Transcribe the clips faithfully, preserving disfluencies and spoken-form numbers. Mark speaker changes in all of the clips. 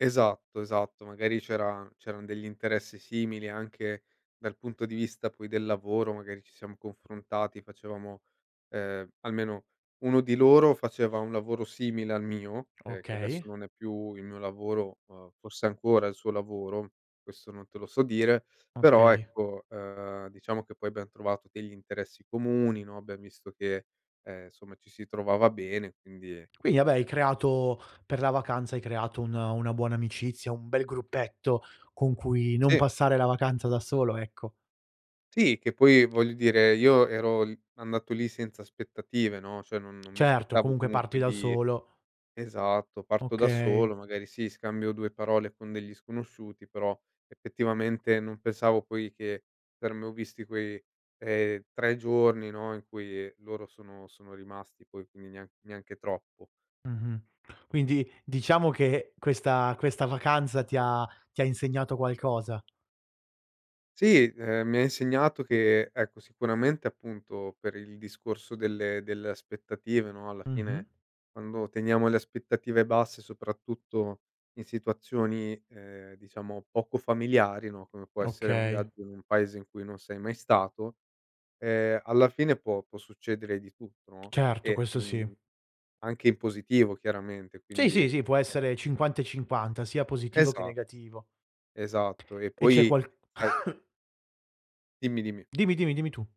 Speaker 1: Esatto, esatto, magari c'era c'eran degli interessi simili anche dal punto di vista poi del lavoro, magari ci siam confrontati, facevamo, ehm, almeno uno di loro faceva un lavoro simile al mio, ehm, che adesso
Speaker 2: Okay.
Speaker 1: non è più il mio lavoro, uhm, forse è ancora il suo lavoro, questo non te lo so dire. Però
Speaker 2: Okay.
Speaker 1: ecco, uhm, diciamo che poi abbiam trovato degli interessi comuni, no, abbiamo visto che, ehm, insomma ci si trovava bene quindi,
Speaker 2: Quindi, vabbè, hai
Speaker 1: ehm
Speaker 2: creato, per la vacanza hai creato un una buona amicizia, un bel gruppetto con cui non
Speaker 1: Sì.
Speaker 2: passare la vacanza da solo, ecco.
Speaker 1: Sì, che poi voglio dire io ero l andato lì senza aspettative, no, cioè non non mi
Speaker 2: Certo,
Speaker 1: aspettavo
Speaker 2: comunque parti
Speaker 1: comunque
Speaker 2: da
Speaker 1: di
Speaker 2: solo.
Speaker 1: esatto, parto da
Speaker 2: Okay.
Speaker 1: solo, magari sì, scambio due parole con degli sconosciuti, però effettivamente non pensavo poi che [unintelligible] vissuti quei, ehm, tre giorni, no, in cui loro sono sono rimasti poi, quindi nea neanche troppo.
Speaker 2: Mh-mh. Quindi diciamo che questa questa vacanza ti ha ti ha insegnato qualcosa.
Speaker 1: Sì, ehm, mi ha insegnato che ecco sicuramente appunto per il discorso delle delle aspettative, no, alla
Speaker 2: Mh-mh.
Speaker 1: fine quando teniamo le aspettative basse soprattutto in situazioni, ehm, diciamo, poco familiari, no, come può essere un
Speaker 2: Okay.
Speaker 1: viaggio in un paese in cui non sei mai stato, ehm, alla fine può può succedere di tutto, no,
Speaker 2: Certo,
Speaker 1: e,
Speaker 2: questo sì.
Speaker 1: mhmm, anche in positivo chiaramente,
Speaker 2: Sì,
Speaker 1: quindi,
Speaker 2: sì, sì può
Speaker 1: ehm
Speaker 2: essere cinquanta e cinquanta. Sia positivo che
Speaker 1: Esatto,
Speaker 2: negativo.
Speaker 1: esatto. E
Speaker 2: E c'è
Speaker 1: poi
Speaker 2: qual
Speaker 1: sai Dimmi dimmi.
Speaker 2: Dimmi, dimmi, dimmi tu.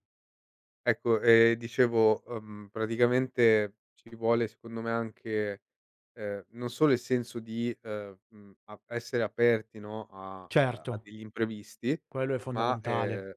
Speaker 1: Ecco, ehm, dicevo, uhm, praticamente ci vuole secondo me anche, ehm, non solo il senso di, ehm, mhmm, ap essere aperti, no, a, uhm, a
Speaker 2: Certo.
Speaker 1: degli imprevisti,
Speaker 2: Quello è
Speaker 1: ma,
Speaker 2: fondamentale.
Speaker 1: ehm,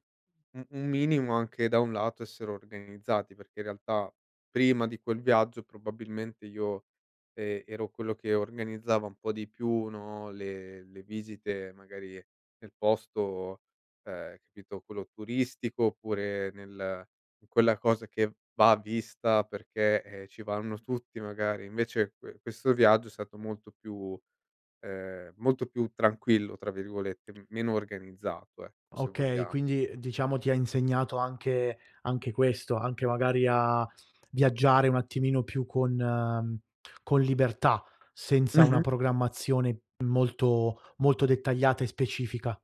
Speaker 1: u un minimo anche da un lato essere organizzati, perché in realtà prima di quel viaggio probabilmente io, ehm, ero quello che organizzava un po' di più, no, le le visite magari nel posto, ehm, capito, quello turistico oppure nel in quella cosa che va vista perché, eh, ci vanno tutti magari. Invece que questo viaggio è stato molto più, ehm, molto più "tranquillo", tra virgolette, meno organizzato, ecco, se
Speaker 2: Okay,
Speaker 1: vogliamo.
Speaker 2: quindi diciamo ti ha insegnato anche anche questo, anche magari a viaggiare un attimino più con, mhmm, con libertà, senza una
Speaker 1: Mh-mh.
Speaker 2: programmazione molto molto dettagliata e specifica.